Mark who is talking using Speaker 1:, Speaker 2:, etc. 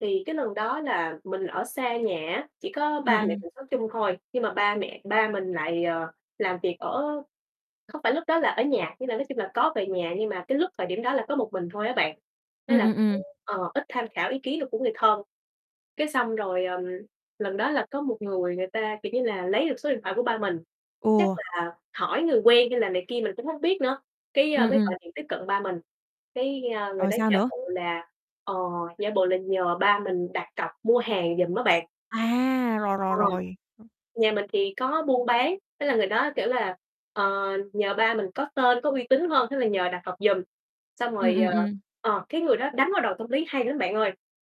Speaker 1: Thì cái lần đó là mình ở xa nhà á, chỉ có
Speaker 2: Ừm,
Speaker 1: ba mẹ
Speaker 2: ừm.
Speaker 1: mình sống chung thôi, nhưng mà ba mẹ ba mình lại, ờ, làm việc ở không phải lúc đó là ở nhà, nhưng là nói chung là có về nhà, nhưng mà cái lúc thời điểm đó là có một mình thôi á bạn, thế
Speaker 2: Ừm,
Speaker 1: là
Speaker 2: ừm,
Speaker 1: cũng
Speaker 2: ừm.
Speaker 1: ờ, ít tham khảo ý kiến được của người thân. Cái xong rồi, ờm, lần đó là có một người người ta, kiểu như là, lấy được số điện thoại của ba mình, chắc
Speaker 2: Ừ.
Speaker 1: là hỏi người quen hay là này kia, mình cũng hông biết nữa, cái, ơ,
Speaker 2: Ừm,
Speaker 1: mới
Speaker 2: ừm.
Speaker 1: gọi điện tiếp cận ba mình, cái, a, người
Speaker 2: Rồi
Speaker 1: đó
Speaker 2: sao
Speaker 1: giả
Speaker 2: nữa?
Speaker 1: bộ là, ờ, giả bộ là nhờ ba mình đặt cọc mua hàng giùm á bạn.
Speaker 2: À! Rồi,
Speaker 1: Ờ,
Speaker 2: rồi, rồi, ừm.
Speaker 1: nhà mình thì có buôn bán, thế là người đó, kiểu là, ờ, nhờ ba mình có tên có uy tín hơn thế là nhờ đặt cọc giùm, xong
Speaker 2: Ừm,
Speaker 1: rồi,
Speaker 2: ừm,
Speaker 1: ờ
Speaker 2: ừm.
Speaker 1: ờ, cái người đó đánh vào đòn tâm lý hay lắm bạn ơi.